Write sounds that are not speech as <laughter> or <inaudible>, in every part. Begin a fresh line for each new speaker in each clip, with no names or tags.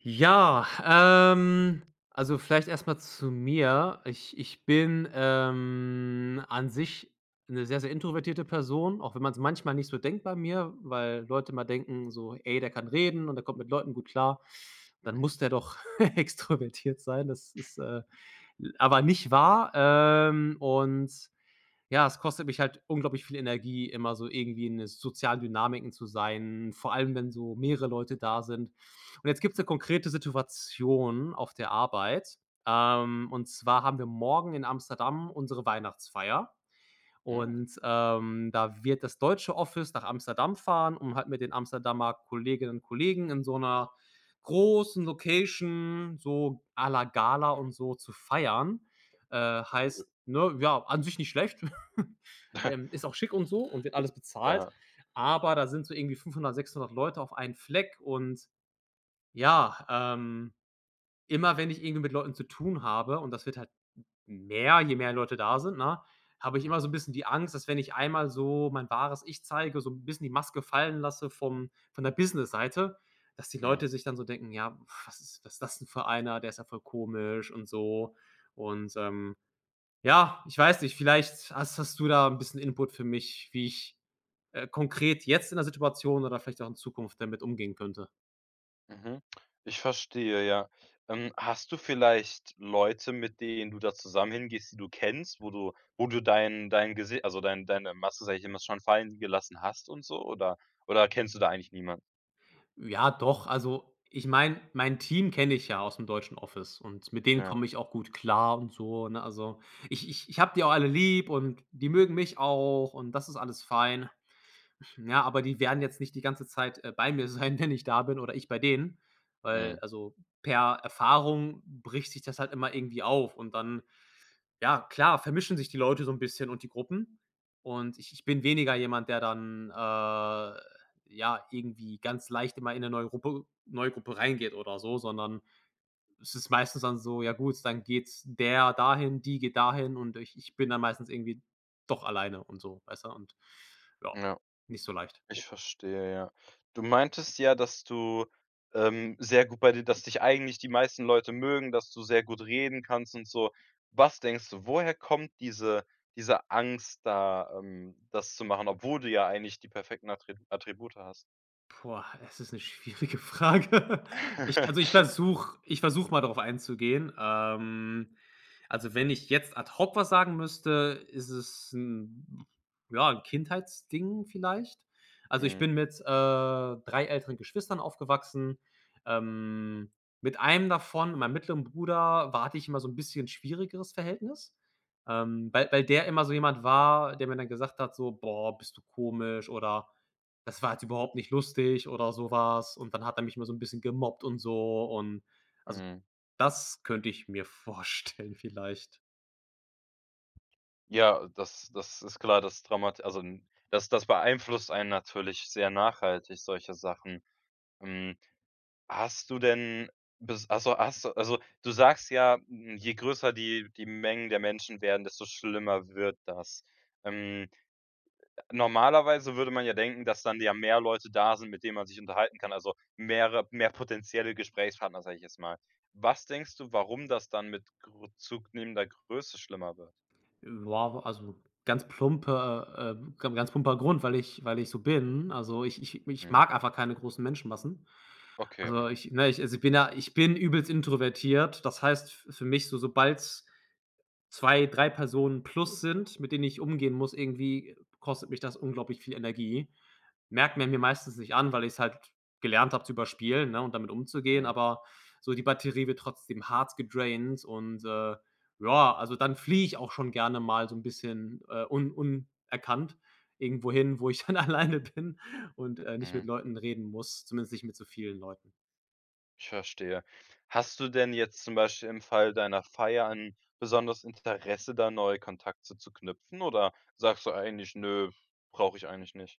Ja, ähm, also, vielleicht erstmal zu mir. Ich ich bin, ähm, an sich 'ne sehr, sehr introvertierte Person, auch wenn man's manchmal nicht so denkt bei mir, weil Leute mal denken, so: „Ey, der kann reden und der kommt mit Leuten gut klar, dann
Mhm.
muss der doch extrovertiert sein.“ Das ist, äh, l aber nicht wahr, ähm, und ja, es kostet mich halt unglaublich viel Energie, immer so irgendwie in 'ne sozialen Dynamiken zu sein, vor allem, wenn so mehrere Leute da sind. Und jetzt gibt's 'ne konkrete Situation auf der Arbeit, ähm, und zwar haben wir morgen in Amsterdam unsere Weihnachtsfeier
Hm.
und, ähm, da wird das deutsche Office nach Amsterdam fahren, um halt mit den Amsterdamer Kolleginnen und Kollegen in so 'ner großen Location so à la Gala und so zu feiern. Äh,
Cool.
heißt, ne, ja, an sich nicht schlecht. <chuckles>
<snorts>
Ähm, ist auch schick und so und wird alles bezahlt.
Ja.
Aber da sind so irgendwie 500, 600 Leute auf einen Fleck und ja, ähm, immer wenn ich irgendwie mit Leuten zu tun habe, und das wird halt mehr, je mehr Leute da sind, ne, habe ich immer
Mhm.
so 'n bisschen die Angst, dass wenn ich einmal so mein wahres Ich zeige, so 'n bisschen die Maske fallen lasse vom von der Business-Seite, dass die
Mhm.
Leute sich dann so denken: „Ja, was ist was das denn für einer? Der ist ja voll komisch und so.“ Und, ähm, ja, ich weiß nicht, vielleicht hast, hast du da 'n bisschen Input für mich, wie ich, äh, konkret jetzt in der Situation oder vielleicht auch in Zukunft damit umgehen könnte?
Mhm. Ich verstehe, ja. Ähm, hast du vielleicht Leute, mit denen du da zusammen hingehst, die du kennst? Wo du wo du dein dein Gesi also, dein deine Maske immer schon fallen gelassen hast und so? Oder oder kennst du da eigentlich niemand?
Ja doch, also, ich meine, mein Team kenne ich ja ausm deutschen Office und mit denen
Ja.
komme ich auch gut klar und so, ne? Also, ich ich ich habe die auch alle lieb und die mögen mich auch und das ist alles fein. <snorts> Ja, aber die werden jetzt nicht die ganze Zeit, äh, bei mir sein, wenn ich da bin oder ich bei denen, weil
Mhm.
also, per Erfahrung bricht sich das halt immer irgendwie auf und dann, ja, klar, vermischen sich die Leute so 'n bisschen und die Gruppen. Und ich ich bin weniger jemand, der dann, äh, ja, irgendwie ganz leicht immer in 'ne neue Gruppe neue Gruppe reingeht oder so, sondern es ist meistens dann so: Ja gut, dann geht's der dahin, die geht dahin und ich ich bin dann meistens irgendwie doch alleine und so, weißt du? Und, ja,
Ja.
nicht so leicht.
Ich verstehe, ja. Du meintest ja, dass du, ähm, sehr gut bei dir dass dich eigentlich die meisten Leute mögen, dass du sehr gut reden kannst und so. Was denkst du? Woher kommt diese diese Angst da, ähm, das zu machen, obwohl du ja eigentlich die perfekten Attri Attribute hast?
Boah, es ist 'ne schwierige Frage. <chuckles> Ich
<chuckles>
also, ich versuche ich versuche mal darauf einzugehen. Ähm, also, wenn ich jetzt ad hoc was sagen müsste, ist es 'n ja, 'n Kindheitsding vielleicht. Also, ich
Mhm.
bin mit, äh, 3 älteren Geschwistern aufgewachsen. Ähm, mit einem davon mit meinem mittleren Bruder, war hatte ich immer so 'n bisschen schwierigeres Verhältnis, ähm, weil weil der immer so jemand war, der mir dann gesagt hat, so: „Boah, bist du komisch“, oder: „Das war jetzt überhaupt nicht lustig“, oder sowas. Und dann hat er mich immer so 'n bisschen gemobbt und so. Und also,
Mhm.
das könnte ich mir vorstellen vielleicht.
Ja, das das ist klar. Das traumat also n das das beeinflusst einen natürlich sehr nachhaltig solche Sachen. Hm, hast du denn bis ach so, hast du also, du sagst ja: „Je größer die die Mengen der Menschen werden, desto schlimmer wird das.“ Ähm normalerweise würde man ja denken, dass dann ja mehr Leute da sind, mit denen man sich unterhalten kann. Also, mehrere mehr potenzielle Gesprächspartner, sage ich jetzt mal. Was denkst du, warum das dann mit gro zunehmender Größe schlimmer wird?
Ja, also, ganz plumper, äh ich glaube, 'n ganz plumper Grund, weil ich weil ich so bin. Also, ich ich ich
Mhm.
mag einfach keine großen Menschenmassen.
Okay,
Also,
mhm.
ich ne, ich also, ich bin ja ich bin übelst introvertiert, das heißt f für mich so sobald's 2, 3 Personen plus sind, mit denen ich umgehen muss, irgendwie kostet mich das unglaublich viel Energie. Merkt man mir meistens nicht an, weil ich's halt gelernt habe, zu überspielen, ne, und damit umzugehen,
Mhm.
aber so die Batterie wird trotzdem hart gedraint und, äh joa, also, dann fliege ich auch schon gerne mal so 'n bisschen, äh, un unerkannt irgendwohin, wo ich dann alleine bin und, äh, nicht mit
Mhm.
Leuten reden muss, zumindest nicht mit so vielen Leuten.
Ich verstehe. Hast du denn jetzt zum Beispiel im Fall deiner Feier 'n besonderes Interesse, da neue Kontakte zu knüpfen? Oder sagst du eigentlich: „Nö, brauche ich eigentlich nicht.“?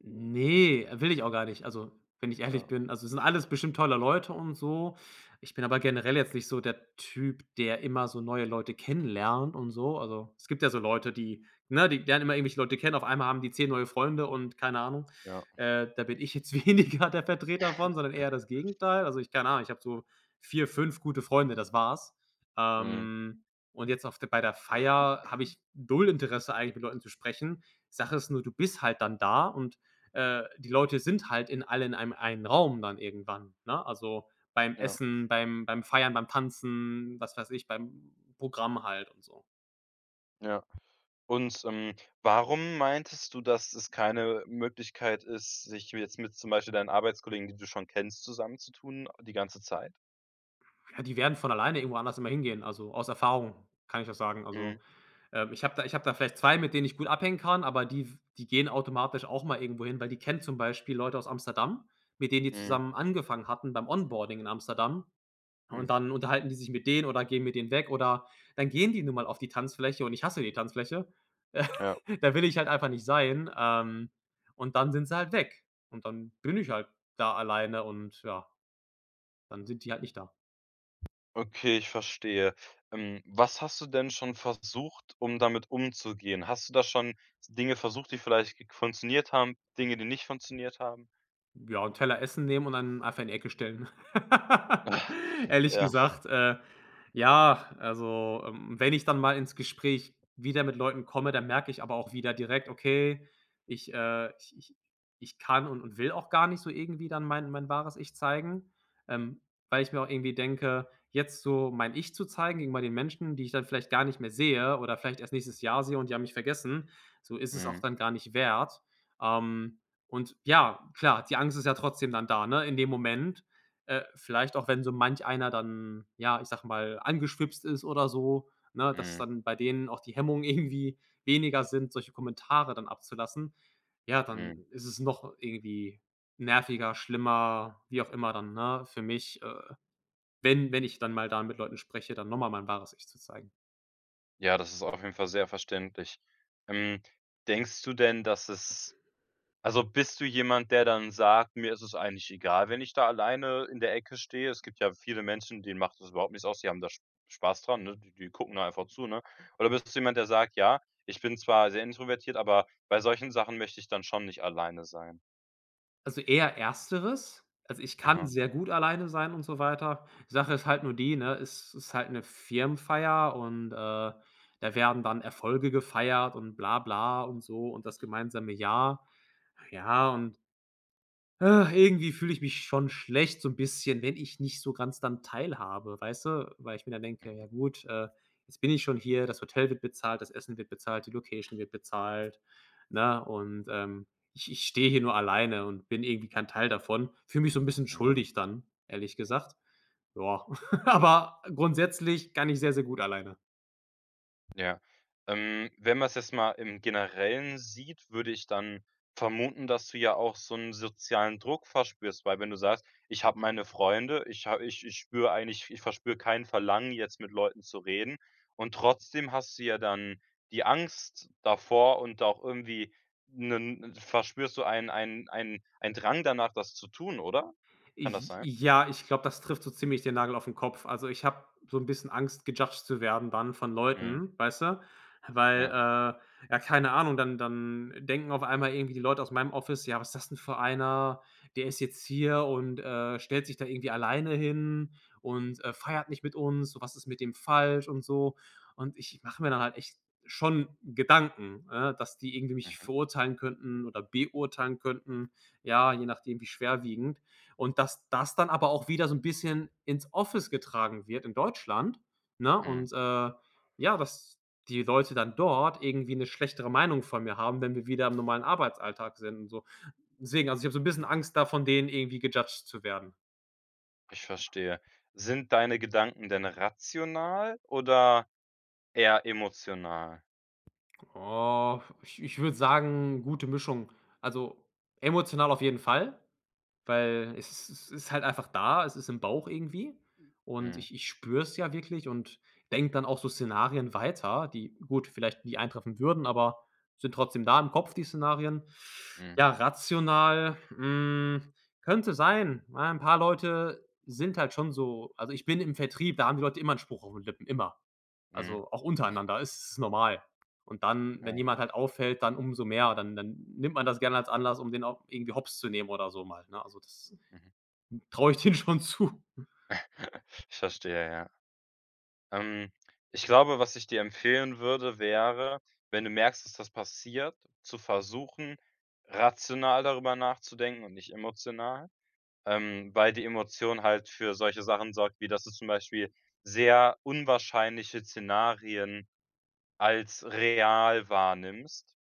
Ne, äh, will ich auch gar nicht. Also, wenn ich ehrlich
Ja.
bin, also, das sind alles bestimmt tolle Leute und so. Ich bin aber generell jetzt nicht so der Typ, der immer so neue Leute kennenlernt und so. Also, es gibt ja so Leute, die ne, die lernen immer irgendwelche Leute kennen. Auf einmal haben die 10 neue Freunde und keine Ahnung.
Ja. <snorts>
Äh, da bin ich jetzt weniger der Vertreter von, sondern
<chuckles>
eher das Gegenteil. Also, ich keine Ahnung, ich habe so 4, 5 gute Freunde, das war's.
Mhm.
Ähm, und jetzt auf der bei der Feier habe ich 0 Interesse, eigentlich mit Leuten zu sprechen. Sache ist nur: Du bist halt dann da und, äh, die Leute sind halt in alle in einen Raum dann irgendwann, ne? Also, beim
Ja.
Essen, beim beim Feiern, beim Tanzen, was weiß ich, beim Programm halt und so.
Ja, und, ähm, warum meintest du, dass es keine Möglichkeit ist, sich jetzt mit zum Beispiel mit deinen Arbeitskollegen, die du schon kennst, zusammenzutun? Die ganze Zeit?
Ja, die werden von alleine irgendwo anders immer hingehen. Also, aus Erfahrung kann ich das sagen.
Mhm.
Also, ähm, ich habe da ich habe da vielleicht 2, mit denen ich gut abhängen kann, aber die f die gehen automatisch auch mal irgendwo hin, weil die kennen zum Beispiel Leute aus Amsterdam, mit denen die
Mhm.
zusammen angefangen hatten beim Onboarding in Amsterdam
Mhm.
und dann unterhalten die sich mit denen oder gehen mit denen weg, oder dann gehen die nun mal auf die Tanzfläche und ich hasse die Tanzfläche. <scoffs>
Ja.
Da will ich halt einfach nicht sein, ähm, und dann sind sie halt weg. Und dann bin ich halt da alleine und ja. Dann sind die halt nicht da.
Okay, ich verstehe. Mm, was hast du denn schon versucht, um damit umzugehen? Hast du da schon Dinge versucht, die vielleicht g funktioniert haben, Dinge, die nicht funktioniert haben?
Ja, 'n Teller Essen nehmen und dann einfach in 'ne Ecke stellen.
<snorts>
<laughs> Ehrlich
ja.
gesagt, äh, ja, also, ähm, wenn ich dann mal ins Gespräch wieder mit Leuten komme, dann merke ich aber auch wieder direkt: „Okay, ich, äh, ich ich ich kann und und will auch gar nicht so irgendwie dann mein mein wahres Ich zeigen“, ähm, weil ich mir auch irgendwie denke: „Jetzt so mein Ich zu zeigen gegenüber den Menschen, die ich dann vielleicht gar nicht mehr sehe oder vielleicht erst nächstes Jahr sehe und die haben mich vergessen, so ist es auch
Mhm.
dann gar nicht wert“, ähm, und ja, klar, die Angst ist ja trotzdem dann da, ne, in dem Moment, äh, vielleicht auch wenn so manch einer dann ja, ich sage mal angeschwipst ist oder so, ne, dass
Mhm.
dann bei denen auch die Hemmungen irgendwie weniger sind, solche Kommentare dann abzulassen. Ja, dann
Mhm.
ist es noch irgendwie nerviger, schlimmer, wie auch immer dann, ne, für mich, äh, wenn wenn ich dann mal da mit Leuten spreche, dann nochmal mein wahres Ich zu zeigen.
Ja, das ist auf jeden Fall sehr verständlich. Ähm, denkst du denn, dass es also, bist du jemand, der dann sagt: „Mir ist es eigentlich egal, wenn ich da alleine in der Ecke stehe“? Es gibt ja viele Menschen, denen macht das überhaupt nichts aus. Die haben da Sp Spaß dran, ne? Die die gucken da einfach zu, ne? Oder bist du jemand, der sagt: „Ja, ich bin zwar sehr introvertiert, aber bei solchen Sachen möchte ich dann schon nicht alleine sein“?
Also, eher Ersteres. Also, ich kann
Aha.
sehr gut alleine sein und so weiter. Die Sache ist halt nur die, ne, es ist halt ’ne Firmenfeier und, äh, da werden dann Erfolge gefeiert und bla bla und so und das gemeinsame Jahr. Ja, und <sighs> irgendwie fühle ich mich schon schlecht, so 'n bisschen, wenn ich nicht so ganz dann teilhabe, weißt du? Weil ich mir dann denke:
Mhm.
„Ja gut, äh, jetzt bin ich schon hier. Das Hotel wird bezahlt. Das Essen wird bezahlt. Die Location wird bezahlt, ne? Und, ähm, ich ich stehe hier nur alleine und bin irgendwie kein Teil davon.“ Fühle mich so 'n bisschen
Mhm.
schuldig dann, ehrlich gesagt, ja. <chuckles> Aber grundsätzlich kann ich sehr, sehr gut alleine.
Ja, ähm, wenn man’s jetzt mal im Generellen sieht, würde ich dann vermuten, dass du ja auch so 'n sozialen Druck verspürst. Weil, wenn du sagst: „Ich habe meine Freunde. Ich habe ich ich spüre eigentlich ich verspüre kein Verlangen, jetzt mit Leuten zu reden.“ Und trotzdem hast du ja dann die Angst davor und auch irgendwie 'nen 'ne verspürst du ein ein ein ein Drang danach, das zu tun, oder?
J
Kann das sein?
ja, ich glaube, das trifft so ziemlich den Nagel auf den Kopf. Also, ich habe so 'n bisschen Angst, gejudged zu werden dann von
Mhm.
Leuten, weißt du? Weil, äh,
Ja.
ja, keine Ahnung, dann dann denken auf einmal irgendwie die Leute aus meinem Office: „Ja, was ist das denn für einer? Der ist jetzt hier und, äh, stellt sich da irgendwie alleine hin und, äh, feiert nicht mit uns. So, was ist mit dem falsch?“ Und so. Und ich mache mir da halt echt schon Gedanken, ne, dass die irgendwie mich
Mhm.
verurteilen könnten oder beurteilen könnten. Ja, je nachdem, wie schwerwiegend. Und dass das dann aber auch wieder so 'n bisschen ins Office getragen wird in Deutschland, ne,
Mhm.
und, äh, ja, dass die Leute dann dort irgendwie 'ne schlechtere Meinung von mir haben, wenn wir wieder im normalen Arbeitsalltag sind und so. Deswegen. Also, ich habe so 'n bisschen Angst, da von denen irgendwie gejudged zu werden.
Ich verstehe. Sind deine Gedanken denn rational oder eher emotional?
Oh, ich ich würde sagen, gute Mischung. Also,
Mhm.
emotional auf jeden Fall, weil es es es ist halt einfach da. Es ist im Bauch irgendwie und
Mhm.
ich ich spüre es ja wirklich und denke dann auch so Szenarien weiter, die gut, vielleicht nie eintreffen würden, aber sind trotzdem da im Kopf, die Szenarien.
Mhm.
Ja, rational hm, könnte sein. Ja, 'n paar Leute sind halt schon so also, ich bin im Vertrieb. Da haben die Leute immer 'n Spruch auf 'n den Lippen. Immer.
Mhm.
Also, auch untereinander ist es normal. Und dann wenn
Ja.
jemand halt auffällt, dann umso mehr, dann dann nimmt man das gerne als Anlass, um den auch irgendwie Hops zu nehmen oder so mal, ne? Also das
Mhm.
traue ich denen schon zu.
<chuckles> Ich verstehe, ja. Ähm, ich glaube, was ich dir empfehlen würde, wäre, wenn du merkst, dass das passiert, zu versuchen, rational darüber nachzudenken und nicht emotional, ähm, weil die Emotion halt für solche Sachen sorgt, wie dass du zum Beispiel sehr unwahrscheinliche Szenarien als real wahrnimmst.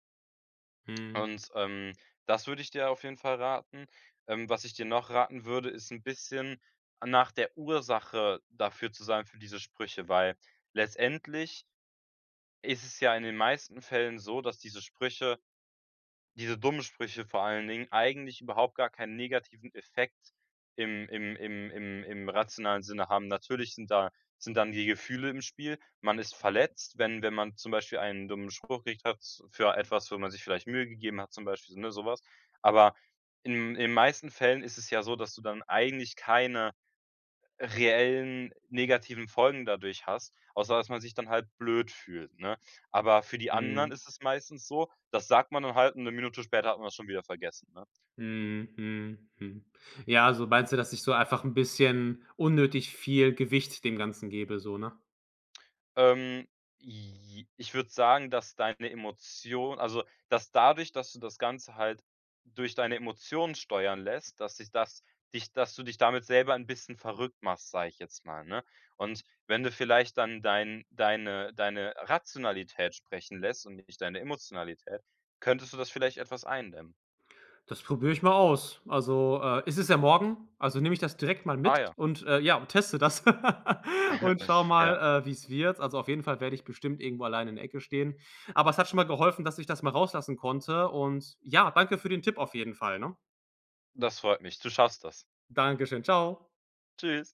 Mhm.
Und, ähm, das würde ich dir auf jeden Fall raten. Ähm, was ich dir noch raten würde, ist 'n bisschen a nach der Ursache dafür zu sagen für diese Sprüche, weil letztendlich ist es ja in den meisten Fällen so, dass diese Sprüche diese dummen Sprüche vor allen Dingen, eigentlich überhaupt gar keinen negativen Effekt im im im im im rationalen Sinne haben. Natürlich sind da sind dann die Gefühle im Spiel. Man ist verletzt, wenn wenn man zum Beispiel einen dummen Spruch gekriegt hat, für etwas, wo man sich vielleicht Mühe gegeben hat, zum Beispiel, ne, sowas. Aber in in den meisten Fällen ist es ja so, dass du dann eigentlich keine reellen negativen Folgen dadurch hast, außer dass man sich dann halt blöd fühlt, ne? Aber für die anderen
Mhm.
ist es meistens so, das sagt man dann halt und 1 Minute später hat man das schon wieder vergessen, ne?
Mhm, mhm, mhm. Ja, also, meinst du, dass ich so einfach 'n bisschen unnötig viel Gewicht dem Ganzen gebe, so, ne?
Ähm, j ich würde sagen, dass deine Emotion also, dass dadurch, dass du das Ganze halt durch deine Emotionen steuern lässt, dass sich das dich dass du dich damit selber 'n bisschen verrückt machst, sage ich jetzt mal, ne? Und wenn du vielleicht dann dein deine deine Rationalität sprechen lässt und nicht deine Emotionalität, könntest du das vielleicht etwas eindämmen.
Das probiere ich mal aus. Also, äh, es ist ja morgen. Also, nehme ich das direkt mal mit
Ah, ja.
und, äh, ja, teste das <laughs> und schaue
<snorts> Ja.
mal, äh, wie's wird. Also, auf jeden Fall werde ich bestimmt irgendwo alleine in der Ecke stehen. Aber es hat schon mal geholfen, dass ich das mal rauslassen konnte. Und ja, danke für den Tipp auf jeden Fall, ne?
Das freut mich. Du schaffst das.
Danke schön. Tschau.
Tschüss.